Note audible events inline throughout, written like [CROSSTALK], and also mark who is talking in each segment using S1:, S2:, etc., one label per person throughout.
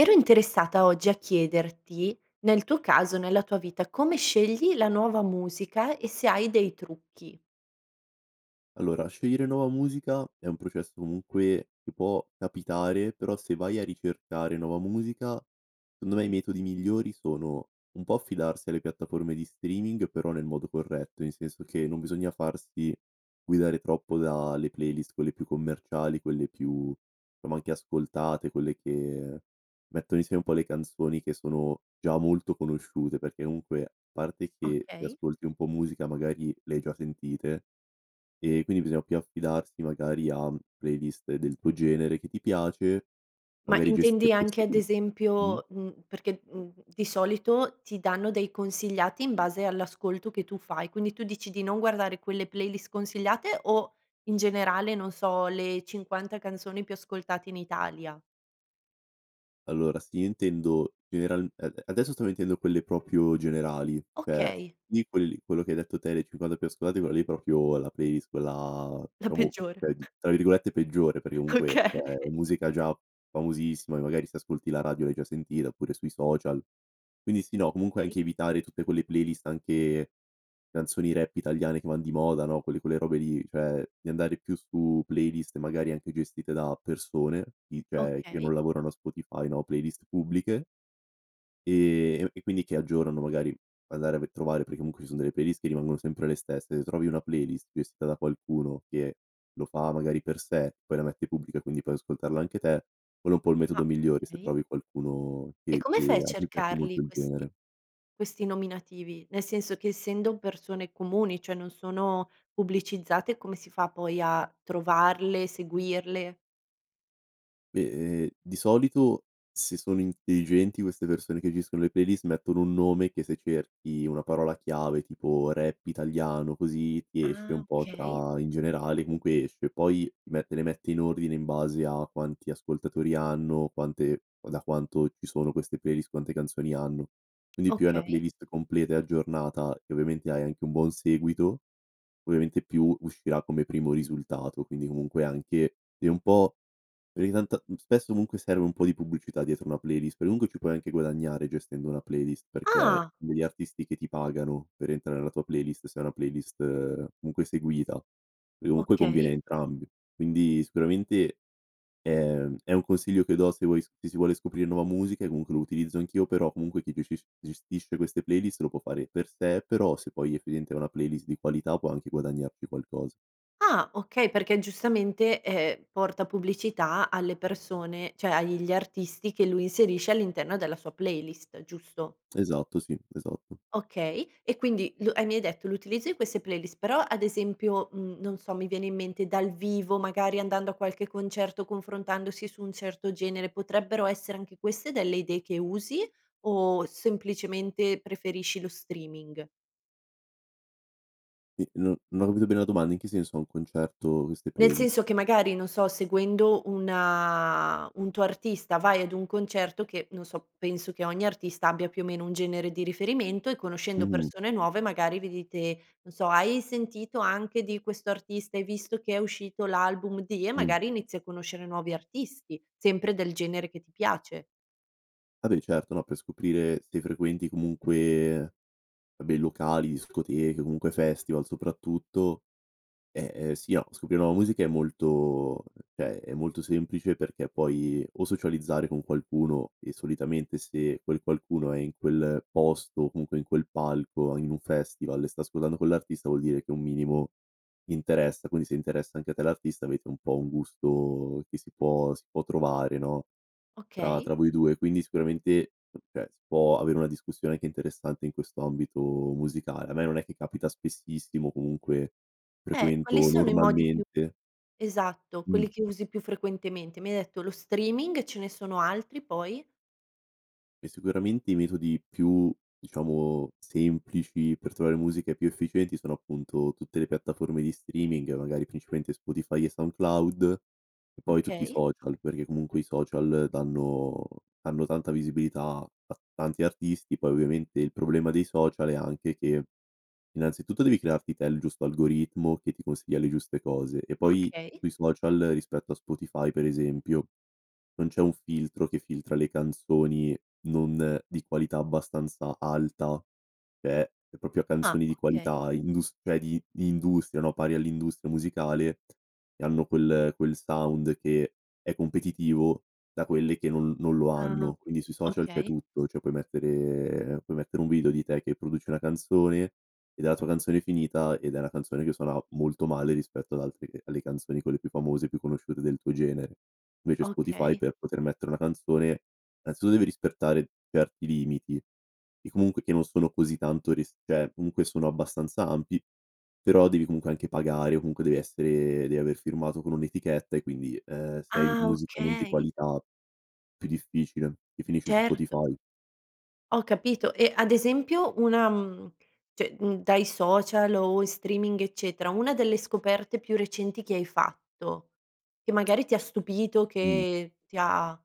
S1: Ero interessata oggi a chiederti, nel tuo caso, nella tua vita come scegli la nuova musica e se hai dei trucchi?
S2: Allora scegliere nuova musica è un processo comunque che può capitare, però se vai a ricercare nuova musica, secondo me i metodi migliori sono: un po' affidarsi alle piattaforme di streaming, però nel modo corretto, nel senso che non bisogna farsi guidare troppo da le playlist quelle più commerciali, quelle più, somma anche ascoltate, quelle che mettono insieme un po' le canzoni che sono già molto conosciute, perché comunque parte che se
S1: Okay.
S2: ascolti un po' musica magari le hai già sentite, e quindi bisogna più affidarsi magari a playlist del tuo genere che ti piace,
S1: Ma
S2: magari
S1: intendi
S2: gestite
S1: anche ad
S2: [UNINTELLIGIBLE] mh
S1: esempio mhmm, perché, mhmm, di solito ti danno dei consigliati in base all'ascolto che tu fai. Quindi tu dici di non guardare quelle playlist consigliate, o in generale, non so, le 50 canzoni più ascoltate in Italia?
S2: Allora sì, intendo general ade adesso sto mettendo quelle proprio generali, cioè s
S1: Okay.
S2: lì quelli quello che hai detto te, le 50 più ascoltate, quelle lì proprio, la playlist quella
S1: La
S2: diciamo
S1: peggiore.
S2: cioè di tra virgolette “peggiore” perché comunque,
S1: Okay.
S2: cioè è musica già famosissima e magari se ascolti la radio l'hai già sentita, oppure sui social. Quindi sì, no comunque
S1: Okay.
S2: anche evitare tutte quelle playlist anche, canzoni rap italiane che van di moda no, quelle quelle robe lì, cioè di andare più su playlist magari anche gestite da persone, si cioè che
S1: Okay.
S2: non lavorano a Spotify no, playlist pubbliche ehm, e q e quindi che aggiornano magari andare per trovare perché comunque ci sono delle playlist rimangono sempre le stesse; se trovi una playlist gestita da qualcuno che lo fa magari per sé, poi la mette pubblica quindi puoi ascoltarla anche te, quello è un po' il metodo
S1: Ah,
S2: migliore se
S1: okay.
S2: trovi qualcuno
S1: E
S2: che
S1: come fai a
S2: che a cui piace
S1: cercarli
S2: molto il
S1: questi
S2: genere.
S1: questi nominativi? Nel senso che essendo persone comuni, cioè non sono pubblicizzate come si fa poi a trovarle, seguirle?
S2: Beh ehm, di solito se sono intelligenti queste persone che gestiscono le playlist mettono un nome che se cerchi una parola chiave tipo "rap italiano", così, ti esce
S1: Ah,
S2: un po'
S1: okay.
S2: tra in generale comunque esce. Poi mette le mette in ordine in base a quanti ascoltatori hanno, quante da quanto ci sono queste playlist, quante canzoni hanno. Quindi più hai una
S1: Okay.
S2: playlist completa e aggiornata e ovviamente hai anche un buon seguito, ovviamente più uscirà come primo risultato, quindi comunque anche, è un po' perché tant mhmm, spesso comunque serve un po' di pubblicità dietro una playlist, per comunque ci puoi anche guadagnare gestendo una playlist perché
S1: Ah!
S2: degli artisti che ti pagano per entrare nella tua playlist, se è una playlist, comunque seguita, e comunque conviene a
S1: Okay.
S2: entrambi. Quindi sicuramente, ehm, è un consiglio che do se vuoi sc se si vuole scoprire nuova musica e comunque lo utilizzo anch'io, però comunque chi g ges gestisce queste playlist lo può fare per sé, però se poi effettivamente è una playlist di qualità può anche guadagnarci qualcosa.
S1: Ah, okay, perché giustamente, ehm, porta pubblicità alle persone, cioè, agli artisti che lui inserisce all'interno della sua playlist, giusto?
S2: Esatto, sì, esatto.
S1: Okay, e quindi l e mi hai detto l'utilizzo di queste playlist, però ad esempio, mhmm, non so, mi viene in mente dal vivo, magari andando a qualche concerto, confrontandosi su un certo genere, potrebbero essere anche queste delle idee che usi? O semplicemente preferisci lo streaming?
S2: Ehm, non non ho capito bene la domanda, in che senso a un concerto queste
S1: Nel
S2: playlist?
S1: senso che magari, non so, seguendo una un tuo artista vai ad un concerto che, non so, penso che ogni artista abbia più o meno un genere di riferimento, e conoscendo
S2: Mh-mh.
S1: persone nuove magari vi dite, non so: “Hai sentito anche di questo artista, hai visto che è uscito l'album di”, e
S2: Mh.
S1: magari inizi a conoscere nuovi artisti, sempre del genere che ti piace.
S2: Ah beh, certo, no, per scoprire se frequenti, comunque, bei locali, discoteche, comunque festival, soprattutto eh, eh, sì, a scoprire nuova musica è molto cioè è molto semplice, perché puoi, o socializzare con qualcuno, e solitamente se quel qualcuno è in quel posto, o comunque in quel palco, o in un festival, e sta ascoltando quell'artista vuol dire che un minimo interessa; quindi, se interessa anche a te l'artista, avete un po' un gusto, che si può si può trovare, no, tra
S1: Okay.
S2: tra voi 2. Quindi, sicuramente, cioè si può avere una discussione, che è interessante, in questo ambito musicale. A me, non è che capita spessissimo, comunque
S1: Eh, quali
S2: frequento,
S1: sono i modi più
S2: normalmente
S1: esatto,
S2: Mh.
S1: quelli che usi più frequentemente? Mi hai detto lo streaming e ce ne sono altri, poi?
S2: E sicuramente i metodi più diciamo, semplici per trovare musiche più efficienti, sono appunto tutte le piattaforme di streaming, magari, principalmente Spotify e SoundCloud, e poi, tutti i
S1: Okay.
S2: social, perché comunque i social danno danno tanta visibilità, a tanti artisti, poi ovviamente il problema dei social è anche che, innanzitutto, devi crearti te il giusto algoritmo, che ti consiglia le giuste cose. E poi,
S1: Okay.
S2: sui social, rispetto a Spotify, per esempio, non c'è un filtro, che filtra le canzoni non di qualità abbastanza alta. Cioè, è proprio a
S1: Ah,
S2: canzoni di
S1: okay.
S2: qualità, industria di di industria, no, pari all'industria musicale, e hanno quel quel sound che, è competitivo da quelle che non non lo
S1: Ah-ah,
S2: hanno. Quindi sui social c'è
S1: okay.
S2: tutto, cioè, puoi mettere puoi mettere un video di te che produci una canzone, e della tua canzone finita, ed è una canzone che suona molto male rispetto ad altre che alle canzoni quelle più famose, più conosciute del tuo genere. Invece Spotify
S1: Okay.
S2: per poter mettere una canzone, innanzitutto, deve rispettare certi limiti, e comunque e non sono così tanto rist cioè, comunque sono abbastanza ampi; però devi comunque anche pagare, o comunque, devi essere devi aver firmato con un'etichetta, e quindi, ehm, sei hai
S1: Ah,
S2: musica non di
S1: okay.
S2: qualità, più difficile, che finisci su
S1: Certo.
S2: Spotify.
S1: Ho capito, e ad esempio, una mhmm, cioè, mhmm, dai social o in streaming, eccetera, una delle scoperte più recenti che hai fatto, che magari ti ha stupito,
S2: Mh.
S1: che ti ha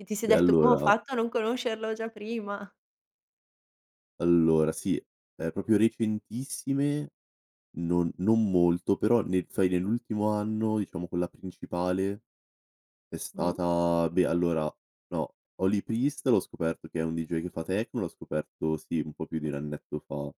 S1: che ti sei
S2: Beh,
S1: detto: "Come ho
S2: allora
S1: fatto a non conoscerlo già prima?!"
S2: allora, sì, è proprio recentissime, non non molto, però, nel fai nell'ultimo anno, diciamo, quella principale, è
S1: Mh.
S2: stata beh, allora, no, Holy Priest l'ho scoperto che è un deejay che fa techno, l'ho scoperto, sì, un po' più di 1 annetto fa.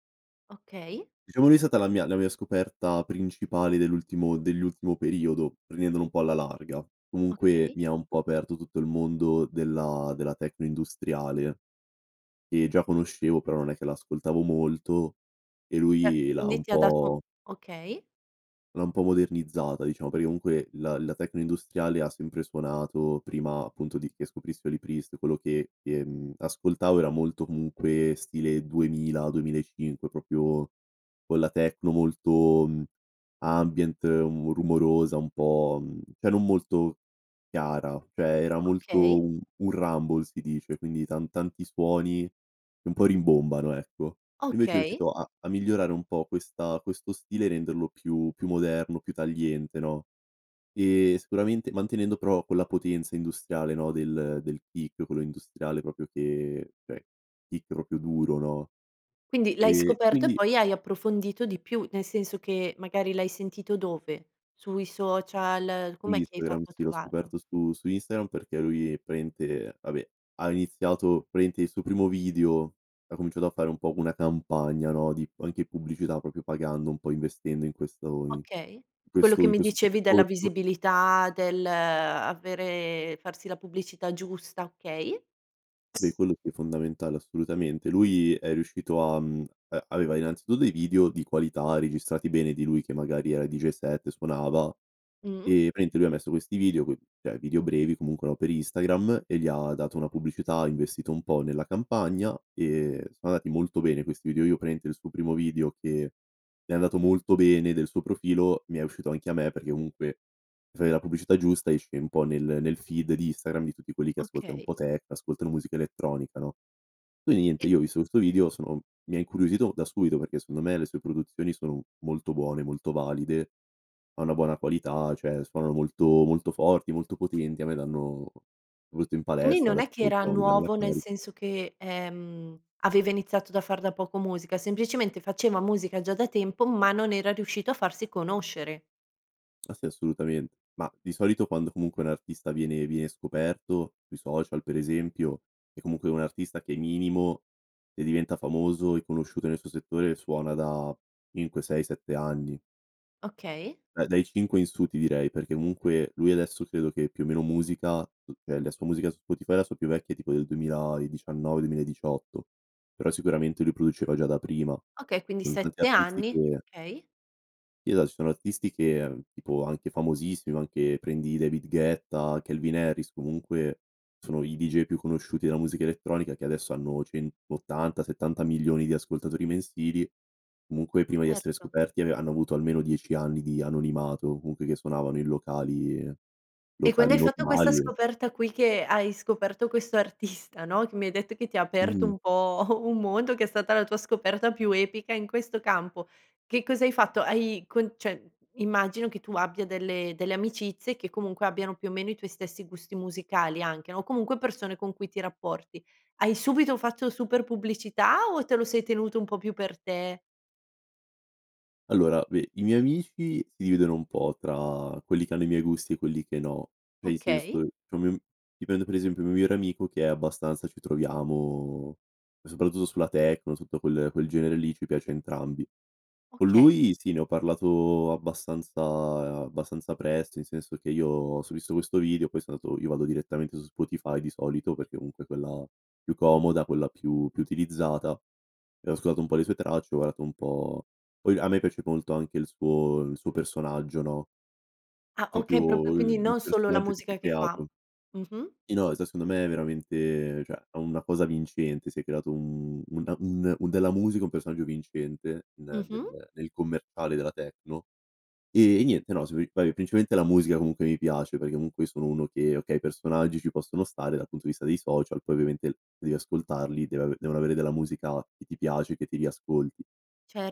S1: Okay.
S2: Diciamo lui è stata la mia la mia scoperta principale dell'ultimo dell'ultimo periodo, prendendolo un po' alla larga. Comunque,
S1: Okay.
S2: mi ha un po' aperto tutto il mondo della della techno industriale. Ehm, già conoscevo, però non è che l'ascoltavo molto, e
S1: Cioè,
S2: lui l'ha
S1: quindi
S2: un
S1: ti ha dato
S2: po'
S1: okay.
S2: l'ha un po' modernizzata diciamo, perché comunque, la la techno industriale, ha sempre suonato, prima appunto di che scoprissi Holy Priest, quello che, ehm, ascoltavo era molto, comunque, stile 2000, 2005, proprio, quella techno molto, mhmm, ambient, mhmm, rumorosa, un po', mhmm, cioè non molto chiara; cioè, era molto
S1: Okay.
S2: u un rumble, si dice, quindi, tan tanti suoni, e un po' rimbombano, ecco. Invece è
S1: Okay.
S2: riuscito a a migliorare un po' questa questo stile, renderlo più più moderno, più tagliente, no; ehm, sicuramente mantenendo, però, quella potenza industriale, no, del del peak, quello industriale, proprio che cioè, peak proprio duro, no.
S1: Quindi l'hai
S2: E e
S1: scoperto e
S2: quindi
S1: poi hai approfondito di più, nel senso che magari l'hai sentito dove? Sui social?
S2: Su
S1: Com'è che hai
S2: Instagram,
S1: fatto a
S2: sì, l'ho
S1: trovarlo?
S2: scoperto su su Instagram, perché lui, praticamente vabbè, ha iniziato praticamente, il suo primo video ha cominciato a fare un po' una campagna, no, di p anche pubblicità, proprio, pagando, un po' investendo in questo o in
S1: Okay.
S2: in
S1: Quello
S2: questo
S1: che
S2: in
S1: mi
S2: questo, poi,
S1: dicevi della
S2: percorso.
S1: visibilità del avere farsi la pubblicità giusta, okay.
S2: Beh, quello, qui, è fondamentale, assolutamente. Lui, è riuscito a, mhmm a aveva, innanzitutto, dei video di qualità, registrati bene, di lui che magari era deejay set e suonava,
S1: Mh.
S2: e praticamente lui ha messo questi video, coi cioè, video brevi, comunque, no, per Instagram, e gli ha dato una pubblicità, ha investito un po' nella campagna, e sono andati molto bene questi video. Io praticamente, il suo primo video, che è andato molto bene del suo profilo, mi è uscito anche a me, perché comunque mi fai la pubblicità giusta, esce un po' nel nel feed di Instagram, di tutti quelli che ascoltano un po'
S1: Okay.
S2: techno, ascoltano musica elettronica, no. Quindi niente,
S1: E
S2: io ho visto questo video, sono mi ha incuriosito da subito perché, secondo me, le sue produzioni sono molto buone, molto valide, ha una buona qualità, cioè suonano molto, molto forti, molto potenti, a me danno molto in
S1: Quindi,
S2: palestra,
S1: non
S2: le
S1: è che era
S2: ascolto, no, mi danno la
S1: nuovo, nel
S2: caric
S1: senso che, ehm, aveva iniziato da far da poco musica; semplicemente faceva musica già da tempo, ma non era riuscito a farsi conoscere.
S2: Ah, sì, assolutamen mah, di solito quando, comunque, un artista viene viene scoperto, sui social per esempio, è comunque un artista che, minimo, se diventa famoso e conosciuto nel suo settore, suona da 5-6-7 anni.
S1: Okay.
S2: Beh, dai 5 in su, ti direi, perché comunque, lui adesso credo che più o meno musica mhmm, eh, la sua musica su Spotify, la sua più vecchia è tipo del 2019-2018; però sicuramente lui produceva già da prima.
S1: Okay, quindi
S2: Son tanti
S1: 7
S2: artisti
S1: anni;
S2: che
S1: okay.
S2: eh, dai, sono artisti che, mhmm, tipo anche famosissimi, anche, prendi David Guetta, Calvin Harris, comunque, sono i deejay più conosciuti della musica elettronica, che adesso hanno 180-70 milioni di ascoltatori mensili, comunque, prima di essere
S1: Erto.
S2: scoperti, ave hanno avuto almeno 10 anni di anonimato, o comunque che suonavano, in locali
S1: E quando hai
S2: locali
S1: fatto questa
S2: normali, e
S1: scoperta qui, che hai scoperto questo artista, no, che mi hai detto che ti ha aperto
S2: Mh-mh.
S1: un po' [CHUCKLES] un mondo, che è stata la tua scoperta più epica in questo campo, che cosa hai fatto? Hai con cioè, immagino che tu abbia delle delle amicizie che, comunque, abbiano più o meno i tuoi stessi gusti musicali anche, no, o comunque persone con cui ti rapporti. Hai subito fatto super pubblicità, o te lo sei tenuto un po' più per te?
S2: Allora, beh, i miei amici, si dividono un po' tra quelli che hanno i miei gusti, e quelli che no. Cioè, in senso,
S1: Okay.
S2: c'è un mio dipende, per esempio il mio migliore amico che è abbastanza ci troviamo, e soprattutto sulla techno, tutto quel quel genere lì, ci piace a entrambi. Con
S1: Okay.
S2: lui, sì, ne ho parlato abbastanza abbastanza presto, in senso che io, se ho visto questo video poi son andato io vado direttamente su Spotify, di solito, perché comunque è quella più comoda, quella più più utilizzata, e ho ascoltato un po' le sue tracce, ho guardato un po' poi, a me piace molto anche il suo il suo personaggio, no
S1: Ah, okay, proprio
S2: proprio
S1: quindi
S2: il il
S1: non solo la
S2: personaggio che si
S1: musica
S2: è
S1: che fa.
S2: creato.
S1: Mh-mh.
S2: Sì, no, se secondo me è veramente cioè, ha una cosa vincente, si è creato un una un un della musica un personaggio vincente, ne ne
S1: Mh-mh.
S2: ne nel commerciale, della techno. Ehm, e niente, no, sì, [UNINTELLIGIBLE] principalmente la musica, comunque, mi piace perché comunque sono uno che, okay, i personaggi ci possono stare dal punto di vista dei social, poi ovviamente l devi ascoltarli, deve ave devono avere della musica, che ti piace, e che ti riascolti.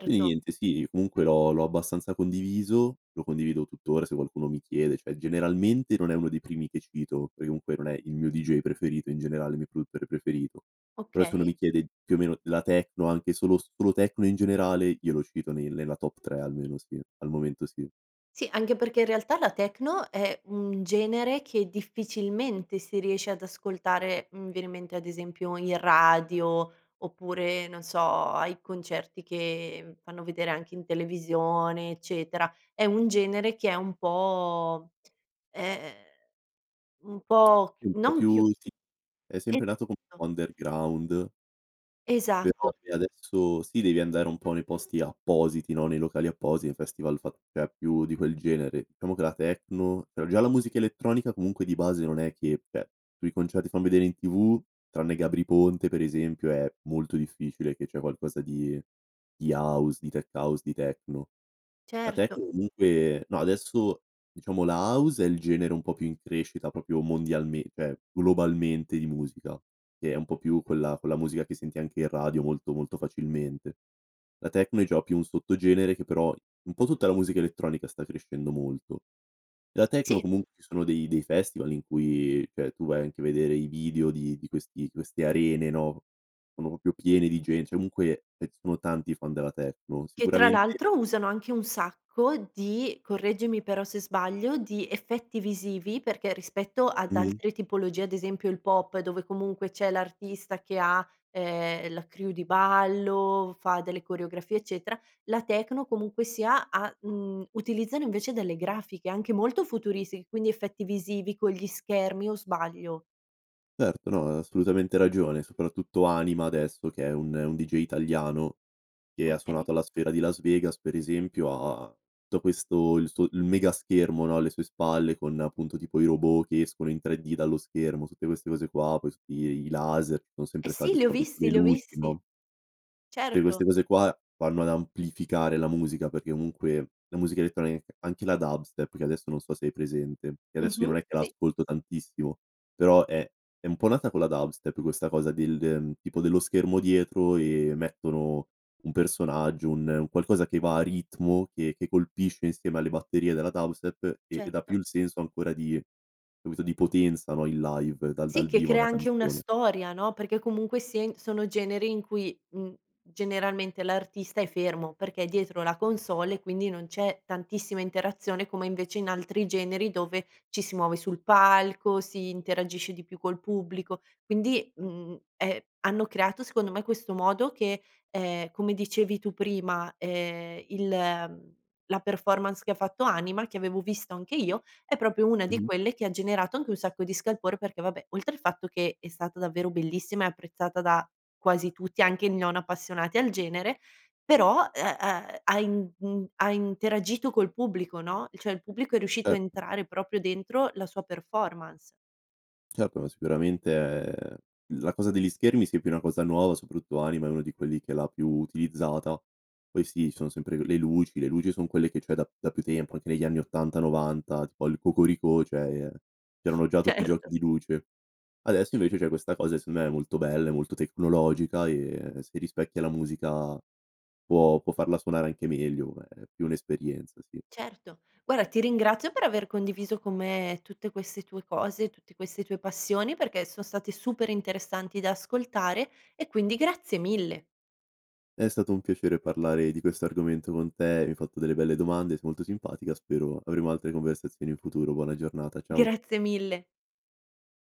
S2: Quindi niente, sì, e comunque, l'ho l'ho abbastanza condiviso, lo condivido tuttora, se qualcuno mi chiede, cioè, generalmente non è uno dei primi che cito, perché comunque non è il mio deejay preferito in generale, il mio produttore preferito. Però se uno
S1: Okay.
S2: mi chiede, più o meno, la techno, anche solo solo techno, in generale, io lo cito nel nella top 3, almeno, sì. Al momento, sì.
S1: Sì, anche perché in realtà la techno è un genere che, difficilmente, si riesce ad ascoltare, mhmm, viene in mente, ad esempio, in radio, oppure, non so, ai concerti che fanno vedere anche in televisione, eccetera. È un genere che è un po' [SMACKS LIPS] e ehm, un po'
S2: Sì,
S1: c
S2: un po'
S1: non chiu
S2: più sì, è sempre nato co
S1: [UNINTELLIGIBLE]
S2: po' underground
S1: Esatto.
S2: però se adesso sì, devi andare un po' nei posti appositi no, nei locali appositi, festival fat cioè, più di quel genere. Diciamo che la techno però già la musica elettronica comunque di base non è che cioè, sui concerti fan vedere in TV, tranne Gabry Ponte per esempio, è molto difficile che c'è qualcosa di di house, di tech-house, di techno. La
S1: Certo.
S2: techno comunque no, adesso, diciamo la house è il genere un po' più in crescita, proprio mondialmen cioè, globalmente di musica, che è un po' più quella con la musica che senti anche in radio, molto, molto facilmente. La techno è già più un sottogenere che però un po' tutta la musica elettronica sta crescendo molto. La techno
S1: Sì.
S2: comun ci sono dei dei festival in cui, cioè, tu vai anche a vedere i video di di questi queste arene, no. Sono proprio piene di gen cioè, comunque, eh, sono tanti i fan della techno.
S1: Che tra
S2: Sicuramente
S1: l'altro usano anche un sacco di correggimi però se sbaglio, di effetti visivi perché, rispetto ad
S2: Mh-mh.
S1: altre tipologie, ad esempio il pop, dove comunque c'è l'artista che ha, ehm, la crew di ballo, fa delle coreografie, eccetera, la techno, comunque sia, ha uhm, utilizzano invece delle grafiche, anche molto futuristi, quindi effetti visivi con gli schermi, o sbaglio?
S2: Certo, no, hai assolutamente ragione. Soprattutto Anima, adesso, che è un un deejay italiano, che ha
S1: Okay.
S2: suonato alla sfera di Las Vegas, per esempio, ha da questo il suo il megaschermo, no, alle sue spalle, con appunto tipo i robot che escono in 3D dallo schermo, tutte queste cose qua, poi [UNINTELLIGIBLE] i i laser, che o
S1: Eh,
S2: sempre
S1: sì,
S2: stati,
S1: li ho
S2: soprattutto
S1: visti,
S2: le
S1: li ho
S2: luci,
S1: visti.
S2: no tutte
S1: Certo.
S2: queste cose qua vanno ad amplificare la musica, perché comunque, la musica elettronic anche la dubstep, che adesso non so se hai presente, che adesso io
S1: Mh-mh,
S2: non è che la
S1: sì.
S2: ascolto tantissimo, però è è un po' nata con la dubstep questa cosa del, ehm, tipo dello schermo dietro, e mettono un personaggio, un un qualcosa che va a ritmo, che che colpisce insieme alle batterie della dubstep, e e dà più
S1: Certo.
S2: il senso ancora di capito, di potenza, no, il live, dal
S1: Sì,
S2: dal
S1: che
S2: vivo, a
S1: crea
S2: una
S1: anche una
S2: canzone.
S1: storia, no, perché comunque sia in sono generi in cui, mhmm, generalmente l'artista è fermo, perché è dietro la console e quindi non c'è tantissima interazione, come invece in altri generi dove ci si muove sul palco, si interagisce di più col pubblico. Quindi, mhmm, è hanno creato, secondo me, questo modo che, ehm, come dicevi tu prima, ehm, il la performance che ha fatto Anima, che avevo visto anche io, è proprio una di
S2: Mh-mh.
S1: quelle che ha generato anche un sacco di scalpore, perché vabbè, oltre il fatto che è stata davvero bellissima e apprezzata da quasi tutti, anche i non appassionati al genere, però, e ehm, ha in in ha interagito col pubblico, no, il cioè, il pubblico è riuscito a
S2: Cert
S1: entrare proprio dentro la sua performance.
S2: Certo, ma sicuramente, ehm, la cosa degli schermi, sì, è più una cosa nuova, soprattutto Anima è uno di quelli che l'ha più utilizzata. Poi sì, ci sono sempre le le luci le luci son quelle che c'è da da più tempo, anche negli anni '80-'90 tipo al Cocoricò, cioè, ehm,
S1: [SNORTS]
S2: c'erano già tutti i giochi
S1: Certo.
S2: di luce. Adesso invece c'è questa cosa, e secondo me è molto bella, è molto tecnologica e e si rispecchia la musica può può farla suonare anche meglio ma è più un'esperienza, sì.
S1: Certo. Guarda, ti ringrazio per aver condiviso con me tutte queste tue cose, tutte queste tue passioni, perché son state super interessanti da ascoltare, e quindi grazie mille.
S2: È stato un piacere parlare di questo argomento con te, hai fatto delle belle domande, sei molto simpatica, spero avremo altre conversazioni in futuro, buona giornata, ciao.
S1: Grazie mille.